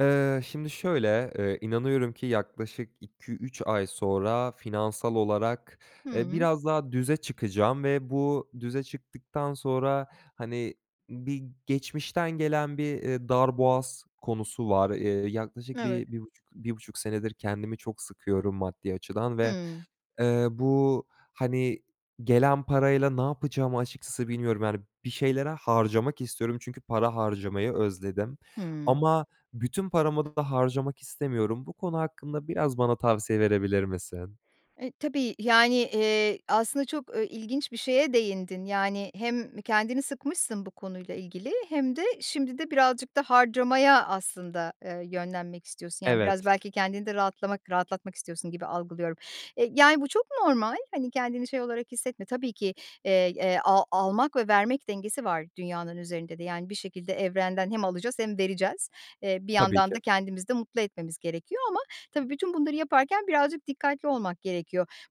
Eee, şimdi şöyle, eee, inanıyorum ki yaklaşık 2-3 ay sonra finansal olarak, eee, Hıı. biraz daha düze çıkacağım ve bu düze çıktıktan sonra, hani, bir geçmişten gelen bir, eee, darboğaz konusu var. Eee, yaklaşık Evet. 1 bir buçuk bir buçuk senedir kendimi çok sıkıyorum maddi açıdan ve, Hıı. eee, bu, hani, gelen parayla ne yapacağımı açıkçası bilmiyorum, yani, bir şeylere harcamak istiyorum çünkü para harcamayı özledim. Hıı. Ama bütün paramı da harcamak istemiyorum. Bu konu hakkında biraz bana tavsiye verebilir misin? E, tabii. Yani, eee, aslında çok, e, ilginç bir şeye değindin, yani, hem kendini sıkmışsın bu konuyla ilgili hem de şimdi de birazcık da harcamaya aslında, eee, yönlenmek istiyorsun, yani biraz Evet. belki kendini de rahatlamak, rahatlatmak istiyorsun gibi algılıyorum. E, yani, bu çok normal. Hani, kendini şey olarak hissetme. Tabii ki, eee, eee, a almak ve vermek dengesi var dünyanın üzerinde de. Yani bir şekilde evrenden hem alacağız hem vereceğiz. Eee, bir Tabii yandan ki. da kendimizi de mutlu etmemiz gerekiyor ama tabii bütün bunları yaparken birazcık dikkatli olmak gerekiyor.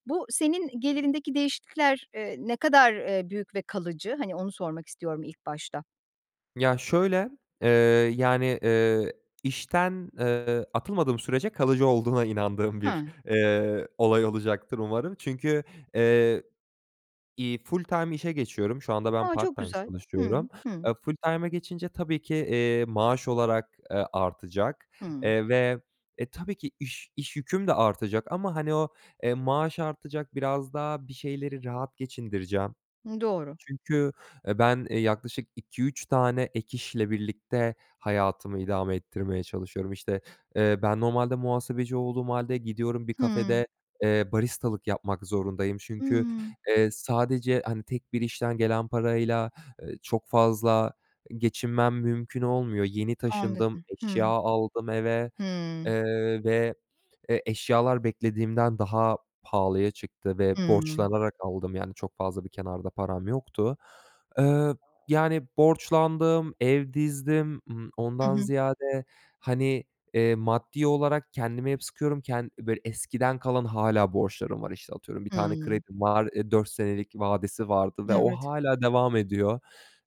Bu senin gelirindeki değişiklikler, eee, ne kadar, eee, büyük ve kalıcı? Hani, onu sormak istiyorum ilk başta. Ya şöyle, eee, yani, eee, işten, eee, atılmadığım sürece kalıcı olduğuna inandığım bir, Hıı. eee, olay olacaktır umarım çünkü, eee, iii, Full-time işe geçiyorum, şu anda ben A, çok part-time güzel. çalışıyorum. Hımm. Hı. Eee, full-time'a geçince tabii ki, eee, maaş olarak, eee, artacak, Hımm. eee, ve, e, tabii ki iş iş yüküm de artacak ama, hani, o, eee, maaş artacak biraz daha bir şeyleri rahat geçindireceğim. Hımm, doğru. Çünkü, eee, ben, eee, yaklaşık 2-3 tane ek işle birlikte hayatımı idame ettirmeye çalışıyorum. İşte, eee, ben normalde muhasebeci olduğum hâlde gidiyorum bir Hımm. kafede, eee, baristalık yapmak zorundayım çünkü, Hıı. eee, sadece, hani, tek bir işten gelen parayla, eee, çok fazla geçinmem mümkün olmuyor. Yeni taşındım, Anladım. Hıı. eşya aldım eve, Hıı. eee, ve, eee, eşyalar beklediğimden daha pahalıya çıktı ve Hıı. borçlanarak aldım, yani, çok fazla bir kenarda param yoktu. Eee, yani, borçlandım, ev dizdim, ımm, Hı ondan hı. ziyade, hani, eee, maddi olarak kendimi hep sıkıyorum, ken böyle eskiden kalan hâlâ borçlarım var. İşte, atıyorum bir tane Hımm. kredim var, eee, 4 senelik vadesi vardı ve o Evet. hâlâ devam ediyor.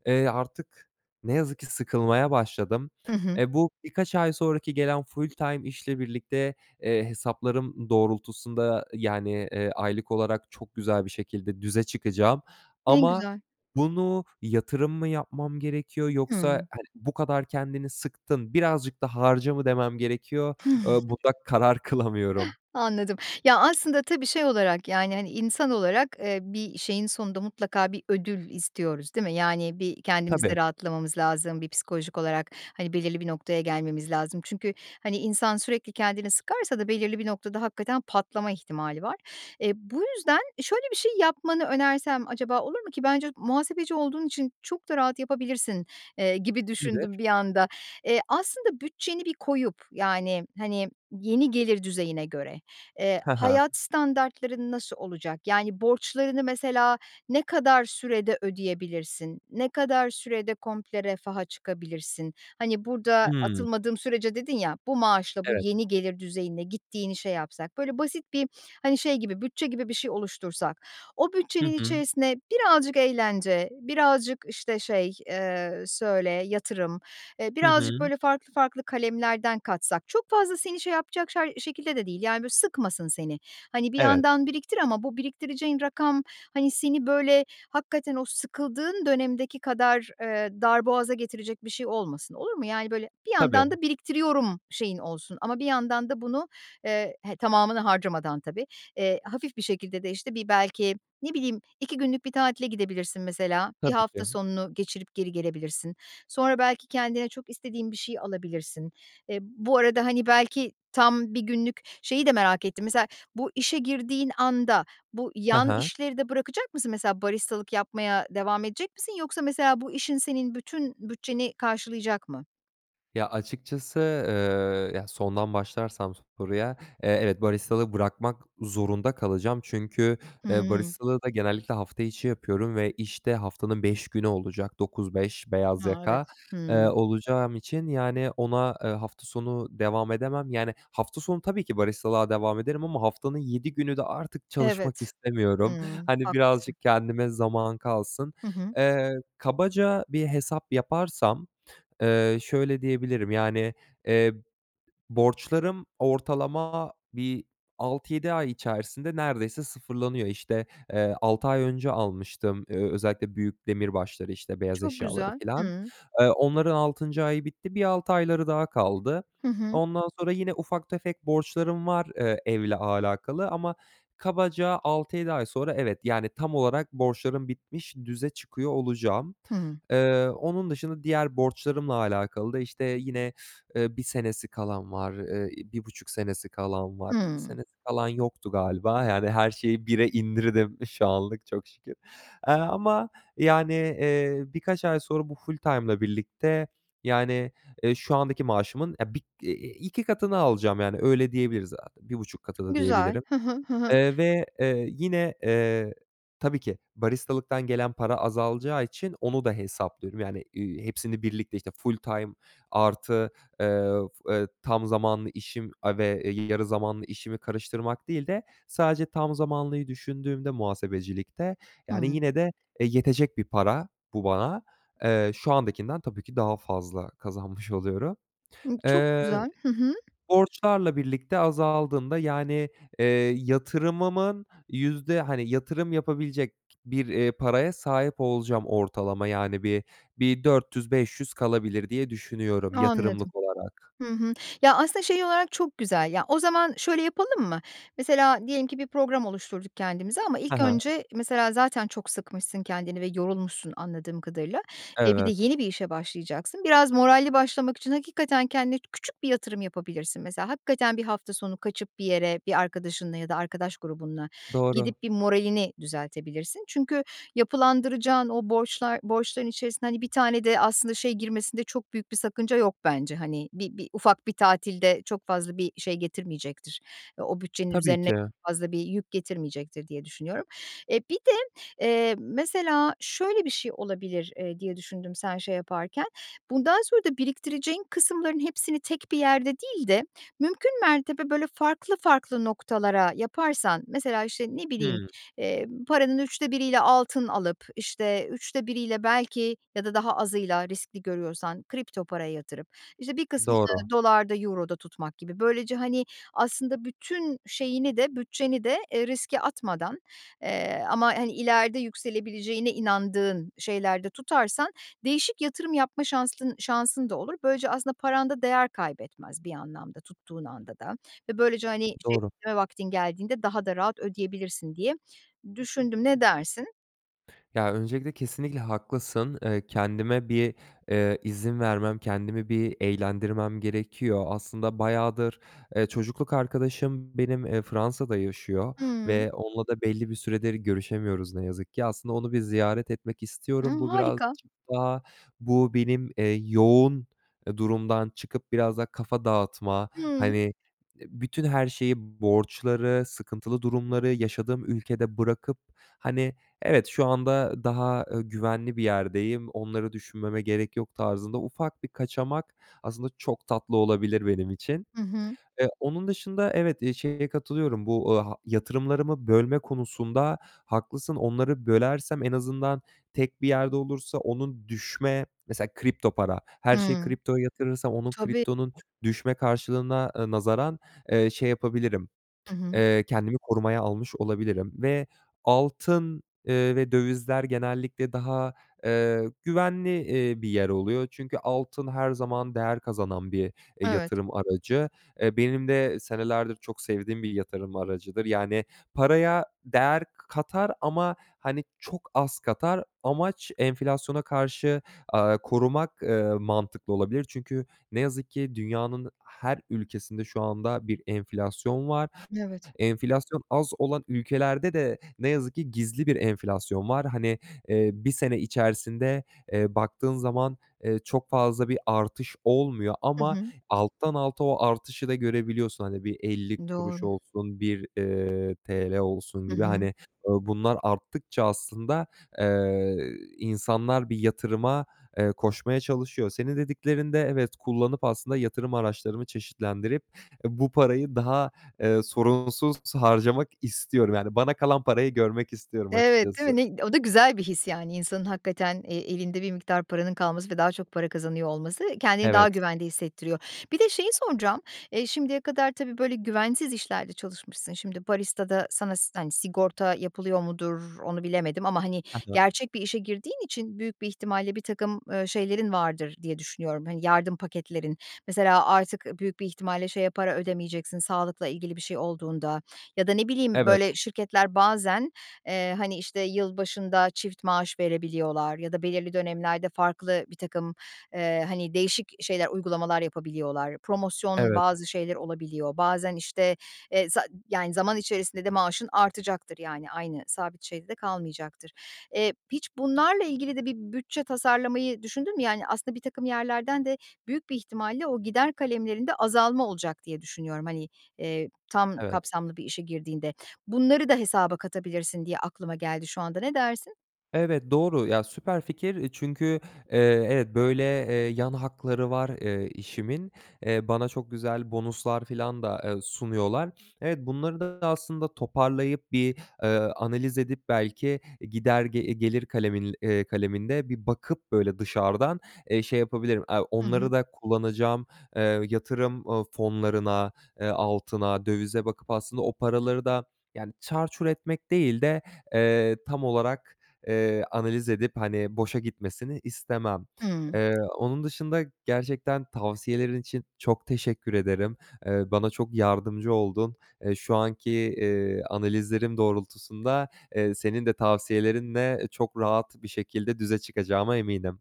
Eee, artık ne yazık ki sıkılmaya başladım. Hı hı. E, bu birkaç ay sonraki gelen full-time işle birlikte, eee, hesaplarım doğrultusunda, yani, eee, aylık olarak çok güzel bir şekilde düze çıkacağım. Ne Ama güzel. bunu yatırım mı yapmam gerekiyor yoksa, Hıı. hani, bu kadar kendini sıktın, birazcık da harca mı demem gerekiyor, eee, bunda karar kılamıyorum. Anladım, ya, aslında tabii şey olarak, yani, hani, insan olarak, eee, bir şeyin sonunda mutlaka bir ödül istiyoruz, değil mi? Yani, bir Tabii. kendimizde rahatlamamız lazım, bir psikolojik olarak, hani, belirli bir noktaya gelmemiz lazım. Çünkü, hani, insan sürekli kendini sıkarsa da belirli bir noktada hakikaten patlama ihtimali var. E, bu yüzden şöyle bir şey yapmanı önersem acaba olur mu ki, bence muhasebeci olduğun için çok da rahat yapabilirsin, eee, gibi düşündüm Nedir? bir anda. E, aslında bütçeni bir koyup, yani, hani, yeni gelir düzeyine göre, eee, He he. hayat standartların nasıl olacak? Yani, borçlarını mesela ne kadar sürede ödeyebilirsin? Ne kadar sürede komple refaha çıkabilirsin? Hani, burada Hımm. atılmadığım sürece dedin ya, bu maaşla bu Evet. yeni gelir düzeyinde gittiğini şey yapsak, böyle basit bir, hani, şey gibi bütçe gibi bir şey oluştursak, o Hı bütçenin hı. içerisine birazcık eğlence, birazcık işte, şey, eee, söyle, yatırım, eee, Hı birazcık hı. böyle farklı farklı kalemlerden katsak çok fazla seni şey yapacak şay şekilde de değil. Yani, böyle sıkmasın seni. Hani, bir Evet. yandan biriktir ama bu biriktireceğin rakam, hani, seni böyle hakikaten o sıkıldığın dönemdeki kadar, eee, darboğaza getirecek bir şey olmasın, olur mu? Yani, böyle bir yandan Tabii. da biriktiriyorum şeyin olsun ama bir yandan da bunu, eee, he, tamamına harcamadan tabii, eee, hafif bir şekilde de işte bir belki ne bileyim 2 günlük bir tatile gidebilirsin mesela bir Tabii hafta ki. sonunu geçirip geri gelebilirsin. Sonra belki kendine çok istediğin bir şey alabilirsin. E, bu arada, hani, belki tam 1 günlük şeyi de merak ettim. Mesela bu işe girdiğin anda bu Hı yan hı. işleri de bırakacak mısın? Mesela, baristalık yapmaya devam edecek misin? Yoksa mesela bu işin senin bütün bütçeni karşılayacak mı? Ya, açıkçası, eee, ya, sondan başlarsam soruya, eee, evet baristalığı bırakmak zorunda kalacağım. Çünkü, eee, Hıı. baristalığı da genellikle hafta içi yapıyorum ve işte haftanın 5 günü olacak. 09.00-17.00 beyaz A, yaka, evet. eee, Hıı. olacağım için, yani, ona, eee, hafta sonu devam edemem. Yani, hafta sonu tabii ki baristalığa devam ederim ama haftanın 7 günü de artık çalışmak Evet. istemiyorum. Hıı. Hani, Haklısın. birazcık kendime zaman kalsın. Hı hı. Eee, kabaca bir hesap yaparsam, eee, şöyle diyebilirim, yani, eee, borçlarım ortalama bir 6-7 ay içerisinde neredeyse sıfırlanıyor. İşte, eee, 6 ay önce almıştım, eee, özellikle büyük demirbaşları işte beyaz Çok eşyaları güzel. filan. Hıı. Eee, onların 6. ayı bitti, bir 6 ayları daha kaldı. Hı hı. Ondan sonra yine ufak tefek borçlarım var, eee, evle alakalı ama kabaca 6-7 ay sonra evet, yani, tam olarak borçlarım bitmiş düze çıkıyor olacağım. Hıı. Eee, onun dışında diğer borçlarımla alakalı da işte yine, eee, 1 senesi kalan var, eee, 1,5 senesi kalan var, 2 Hıı. senesi kalan yoktu galiba. Yani, her şeyi 1'e indirdim şu anlık çok şükür. Eee, ama, yani, eee, birkaç ay sonra bu full-time ile birlikte, yani, eee, şu andaki maaşımın, eee, bir 2 katını alacağım, yani, öyle diyebiliriz. Bir 1,5 katı da Güzel. diyebilirim. Hı hı. Hı hı. Eee, ve, eee, yine, eee, tabii ki baristalıktan gelen para azalacağı için onu da hesaplıyorum. Yani, ııı, hepsini birlikte, işte full time artı, eee, eee, tam zamanlı işim, aaa, ve, eee, yarı zamanlı işimi karıştırmak değil de sadece tam zamanlıyı düşündüğümde muhasebecilikte, yani, Hıı. yine de e, yetecek bir para bu bana. Eee, şu andakinden tabii ki daha fazla kazanmış oluyorum. Hı, çok Eee, güzel. Hı hı. borçlarla birlikte azaldığında, yani, eee, yatırımımın yüzde, hani, yatırım yapabilecek bir, eee, paraya sahip olacağım ortalama. Yani, bir bir 400-500 kalabilir diye düşünüyorum Anladım. yatırımlık olarak. Hı hı. Ya, aslında şey olarak çok güzel, ya, o zaman şöyle yapalım mı? Mesela diyelim ki bir program oluşturduk kendimize ama He ilk he. önce mesela zaten çok sıkmışsın kendini ve yorulmuşsun anladığım kadarıyla. E, bir de Evet. yeni bir işe başlayacaksın. Biraz moralli başlamak için hakikaten kendine küçük bir yatırım yapabilirsin. Mesela, hakikaten bir hafta sonu kaçıp bir yere, bir arkadaşınla ya da arkadaş grubunla Doğru. gidip bir moralini düzeltebilirsin. Çünkü yapılandıracağın o borçlar borçların içerisine, hani, bir tane de aslında şey girmesinde çok büyük bir sakınca yok bence. Hani, bir bir ufak bir tatil de çok fazla bir şey getirmeyecektir. O o bütçenin Tabii üzerine ki. fazla bir yük getirmeyecektir, diye düşünüyorum. E, bir de, eee, mesela, şöyle bir şey olabilir, eee, diye düşündüm sen şey yaparken. Bundan sonra da biriktireceğin kısımların hepsini tek bir yerde değil de mümkün mertebe böyle farklı farklı noktalara yaparsan. Mesela, işte, ne bileyim, Hımm. eee, paranın 3'te 1'yle altın alıp işte 3'te 1'yle belki ya da daha azıyla riskli görüyorsan kripto paraya yatırıp, işte bir Doğru. kısmını dolar'da euro'da tutmak gibi. Böylece, hani, aslında bütün şeyini de bütçeni de, eee, riske atmadan, eee, ama, hani, ileride yükselebileceğine inandığın şeylerde tutarsan değişik yatırım yapma şansın şansın da olur. Böylece aslında paranda değer kaybetmez bir anlamda tuttuğun anda da ve böylece, hani, Doğru. çevirme vaktin geldiğinde daha da rahat ödeyebilirsin diye düşündüm, ne dersin? Ya, öncelikle, kesinlikle haklısın. Eee, kendime bir, eee, izin vermem, kendimi bir eğlendirmem gerekiyor. Aslında bayağıdır, eee, çocukluk arkadaşım benim, eee, Fransa'da yaşıyor Hıı. ve onunla da belli bir süredir görüşemiyoruz ne yazık ki. Aslında onu bir ziyaret etmek istiyorum. Hımm, Bu harika! birazcık daha bu benim, eee, yoğun, eee, durumdan çıkıp biraz daha kafa dağıtma, hani, Hımm. eee, bütün her şeyi, borçları, sıkıntılı durumları yaşadığım ülkede bırakıp; hani, evet, şu anda daha, ııı, güvenli bir yerdeyim, onları düşünmeme gerek yok tarzında ufak bir kaçamak, aslında çok tatlı olabilir benim için. Hı hı. Eee, onun dışında, evet, iii, şeye katılıyorum, bu, aaa, yatırımlarımı bölme konusunda haklısın. Onları bölersem, en azından tek bir yerde olursa onun düşme, mesela kripto para, her şeyi Hıı. kriptoya yatırırsam onun, Tabii. kriptonun düşme karşılığına, ııı, nazaran, eee, şey yapabilirim, Hı hı. eee, kendimi korumaya almış olabilirim ve altın, eee, ve dövizler genellikle daha, eee, güvenli, eee, bir yer oluyor. Çünkü altın her zaman değer kazanan bir, eee, Evet. yatırım aracı. E, benim de senelerdir çok sevdiğim bir yatırım aracıdır. Yani, paraya değer k katar ama hani çok az katar. Amaç, enflasyona karşı, aaa, korumak, eee, mantıklı olabilir. Çünkü ne yazık ki, dünyanın her ülkesinde şu anda bir enflasyon var. Evet. Enflasyon az olan ülkelerde de ne yazık ki gizli bir enflasyon var. Hani, eee, bir sene içerisinde, eee, baktığın zaman, eee, çok fazla bir artış olmuyor Hı ama hı. alttan alta o artışı da görebiliyorsun. Hani bir 50 kuruş Doğru. olsun, bir, eee, TL olsun Hı gibi. hı. Bunlar arttıkça aslında, eee, insanlar bir yatırıma, eee, koşmaya çalışıyor. Seni dediklerinde, evet kullanıp, aslında yatırım araçlarımı çeşitlendirip, eee, bu parayı daha, eee, sorunsuz harcamak istiyorum. Yani, bana kalan parayı görmek istiyorum Evet, değil açıkçası. mi? Ne iy O da güzel bir his. Yani, insanın hakikaten, eee, elinde bir miktar paranın kalması ve daha çok para kazanıyor olması, eee, kendini daha Evet. güvende hissettiriyor. Bir de şeyi soracağım, eee, şimdiye kadar tabii, böyle, güvensiz işlerde çalışmışsın. Şimdi baristada sana si hani, sigorta yapılıyor mudur, onu bilemedim ama, hani, Hı hı. gerçek bir işe girdiğin için büyük bir ihtimalle birtakım, eee, şeylerin vardır diye düşünüyorum, hani, yardım paketlerin. Mesela artık ııı büyük bir ihtimalle şeye para ödemeyeceksin, sağlıkla ilgili bir şey olduğunda ya da ne bileyim, Evet. böyle şirketler bazen, eee, hani, işte yılbaşında çift maaş verebiliyorlar ya da belirli dönemlerde farklı birtakım, eee, hani, değişik şeyler, uygulamalar yapabiliyorlar. Promosyon, Evet. bazı şeyler olabiliyor. Bazen, işte, eee, za yani, zaman içerisinde de maaşın artacaktır, yani, aynı sabit şeyde de kalmayacaktır. Eee, hiç bunlarla ilgili de bir bütçe tasarlamayı düşündün mü yani? Aslında birtakım yerlerden de büyük bir ihtimalle o gider kalemlerinde azalma olacak diye düşünüyorum, hani, eee, tam Evet. kapsamlı bir işe girdiğinde. Bunları da hesaba katabilirsin diye aklıma geldi şu anda, ne dersin? Evet. doğru. Ya, süper fikir, eee, çünkü, eee, evet böyle, eee, yan hakları var, eee, işimin. Eee, bana çok güzel bonuslar filan da, eee, sunuyorlar. Evet, bunları da aslında toparlayıp bir, eee, analiz edip, belki gider, eee, gelir kalemin, eee, kaleminde bir bakıp böyle dışardan, eee, şey yapabilirim, aaa, Hı hı. onları da kullanacağım, eee, yatırım, ııı, fonlarına, eee, altına, dövize bakıp aslında o paraları da yani çarçur etmek değil de, eee, tam olarak, eee, analiz edip hani boşa gitmesini istemem. Hıı. Eee, onun dışında gerçekten tavsiyelerin için çok teşekkür ederim. Eee, bana çok yardımcı oldun. Eee, şu anki, eee, analizlerim doğrultusunda, eee, senin de tavsiyelerinle çok rahat bir şekilde düze çıkacağıma eminim.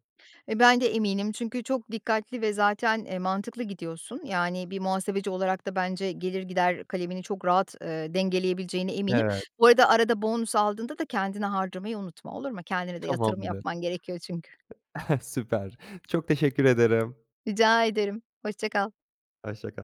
E, bende eminim çünkü çok dikkatli ve zaten, eee, mantıklı gidiyorsun. Yani, bir muhasebeci olarak da bence gelir gider kalemini çok rahat, eee, dengeleyebileceğine eminim. Evet. Bu arada, arada bonus aldığında da kendine harcamayı unutma olur mu? Kendine de yatırım Tamamdır. yapman gerekiyor çünkü. Süper, çok teşekkür ederim. Rica ederim. Hoşçakal. Hoşçakal.